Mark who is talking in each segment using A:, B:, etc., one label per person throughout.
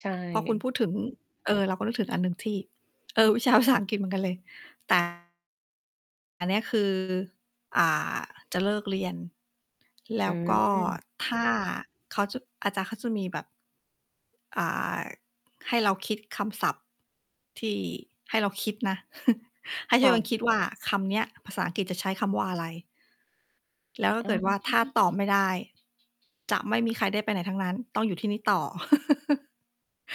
A: ใช
B: พอคุณพ
A: ่
B: ูดถึง เออ เราก็นึกถึงอันหนึ่งที่ เออ วิชาภาษาอังกฤษ เหมือนกันเลย แต่ อันเนี้ยคือ อ่า จะเลิกเรียน แ
A: อ
B: ล้
A: ื
B: วก็
A: ม
B: ถ้าเขาจะ อาจารย์เขาจะมีแบบ อ่า ให้เราคิดคำศัพท์ที่ ให้เราคิดนะ ให้ท
A: ค
B: ุก
A: ่
B: คน
A: ะ
B: คิดว่า คำเนี้ย ภาษาอังกฤษจะใช้คำว่าอะไร? แล้วถ้
A: อ
B: า
A: ื
B: เกิด ว่า ถ้า
A: ม
B: ตอบไม่ได้ จะไม่มีใครได้ไปไหนทั้งนั้น ต้องอยู่ที่นี่ต่อ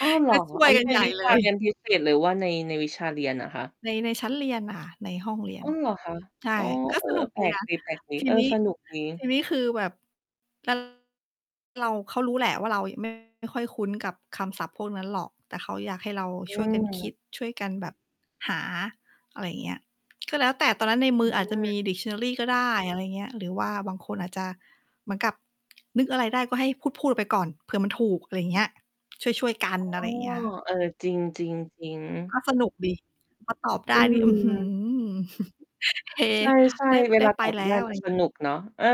A: อ้าว เหร
B: ก
A: อ?
B: ็ช่ว
A: อั
B: ย
A: นนี
B: กั
A: ้
B: น
A: เป็
B: ใ
A: น
B: หญ่
A: วิช
B: เล
A: า เรีย
B: ย
A: นพิเศษหรือว่าใน ในวิชาเรียนอะคะ?
B: ใน ในชั้นเรียนน่ะค่ะ ในห้องเรีย
A: อ
B: น
A: ้าว เหรอ คะ?
B: ใช่
A: อ๋อ
B: ก็
A: เอ
B: ส
A: อ
B: นุก
A: แป
B: ดี
A: ลก
B: นะ
A: ดี
B: ท
A: ๆ
B: ี
A: เออ
B: นี้
A: สนุกดี
B: ทีนี้คือแบบ [unintelligible] เรา เขารู้แหละว่า เรายัง ไม่ ค่อยคุ้นกับคำศัพท์พวกนั้นหรอก แต่เขาอยากให้เรา
A: อื
B: ช่วยกันคิ
A: ม
B: ดช่วยกันแบบหา อะไรอย่างเงี้ย ก็แล้วแต่ตอนนั้นในมื
A: อื
B: ออาจจะมี
A: ม
B: Dictionary ก็ได้ อะไรอย่างเงี้ย หรือว่าบางคนอาจจะเหมือนกับ นึกอะไรได้ ก็ให้พูด ๆ ไปก่อนเผื่อมันถูก อะไรอย่างเงี้ย ช่วย ๆ ก
A: อ๋
B: ั
A: อ
B: นอะไรอย่างเงี้ยค่ะ
A: เออ จริง ๆ ๆ
B: ก็สนุก ดี พอ ตอบได
A: อื
B: ้นี่ อื้อฮื
A: ม
B: อ เฮ
A: ใช่
B: ได้
A: ๆ เว
B: ได้
A: ลา
B: ไป
A: ตอบ
B: แล
A: ได
B: ้
A: ้
B: ว อะ
A: ม
B: ไร
A: ั
B: อ
A: น
B: ย่าง
A: ส
B: งี้
A: นุกเนาะ เออ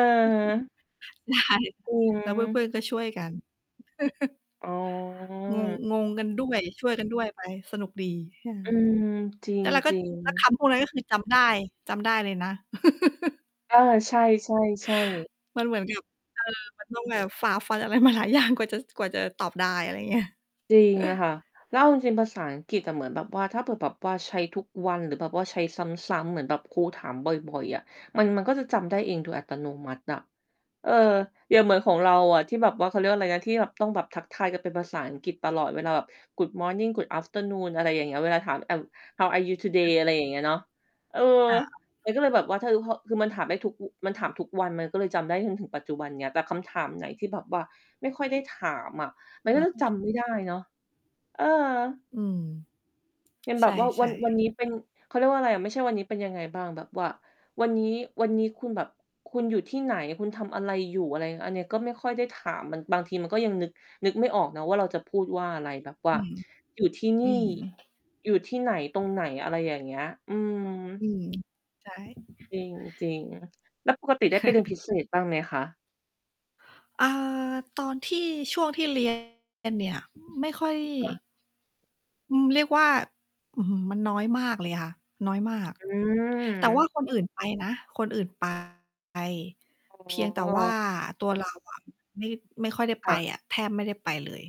B: ใช่
A: อื
B: แล้วเพื่
A: ม
B: อน ๆ ก็ช่วยกัน
A: อ๋อ
B: งง งงกัน ด้วย ช่วยกันด้วยไป สนุกดี ค่ะ
A: อืม จร
B: แล้วเราก็
A: ิง
B: แล้วค
A: ๆ
B: ำพวกนั้นก็คือจำได้ จำได้เลยนะ
A: เออ ใช่ ๆ ๆ
B: มันเหมือน กับ เออ มันต้อง แบบฝ่าฟันอะไร มาหลายอย่าง กว่าจะ กว่าจะตอบได้ อะไรอย่างเงี้ย
A: จริงอะค่ะ แล้วเอาจริง ๆ ภาษาอังกฤษอะ เหมือนแบบว่า ถ้าเกิดแบบว่าใช้ทุกวัน หรือแบบว่าใช้ซ้ำ ๆ เหมือนแบบครูถามบ่อย ๆ อะ มัน มันก็จะจำได้เองโดยอัตโนมัติอะ เออ อย่างเหมือนของเราอะ ที่แบบว่า เขาเรียกว่าอะไรนะ ที่แบบต้องแบบทักทายกันเป็นภาษาอังกฤษตลอดเวลาแบบ Good Morning Good Afternoon อะไรอย่างเงี้ย เวลาถาม I'm how are you today? อะไรอย่างเงี้ยเนาะ เออ
B: ค่ะ
A: มันก็เลยแบบว่า ท คือพอ คือมันถามได้ทุกอุก มันถามทุกวันมันก็เลยจำได้จนถึงปัจจุบันนี้ แต่คำถามไหนที่แบบว่าไม่ค่อยได้ถามอะ มัน
B: เ
A: ก
B: หร
A: ็
B: อ
A: จะ จำ ไม่ได้เนาะ เออ
B: อืม
A: เป็นแ
B: ใ
A: บ
B: ช
A: บว่าวั
B: ่
A: น วัน
B: ๆ
A: นี้เป็น เขาเรียกว่าอะไรอะ ไม่ใช่วันนี้เป็นยังไงบ้าง แบบว่า วันนี้ วันนี้คุณแบบคุณอยู่ที่ไหน คุณทำอะไรอยู่ อะไร อันนี้ก็ไม่ค่อยได้ถาม มัน บางทีมันก็ยังนึก นึกไม่ออกนะว่า เราจะพูดว่าอะไร แบบว่
B: อื
A: า
B: อ
A: อยู่ที่น
B: อ
A: ี
B: ื
A: ่
B: ม
A: อยู่ที่ไหน ตรงไหน อะไรอย่างเงี้ย อืม
B: อืม ใช่
A: จริง จริง แล้วปกติได้ไปเรียน พิเศษ บ้างไหมคะ?
B: อ่า ตอนที่ ช่วงที่ เรียน เนี่ย ไม่ค่อย
A: ค่ะ
B: อืม เรียกว่า อื้อฮือ มันน้อยมากเลยค่ะ น้อยมาก
A: อื
B: แต่ว่า
A: ม
B: คนอื่นไปนะ คนอื่น ไป
A: อ๋
B: เพียงแต่ว่า
A: อ
B: ตัวเราอะ ไม่ ไม่ค่อยได้
A: ค
B: ไป
A: ่ะ
B: อะ แทบไม่ได้ไปเลย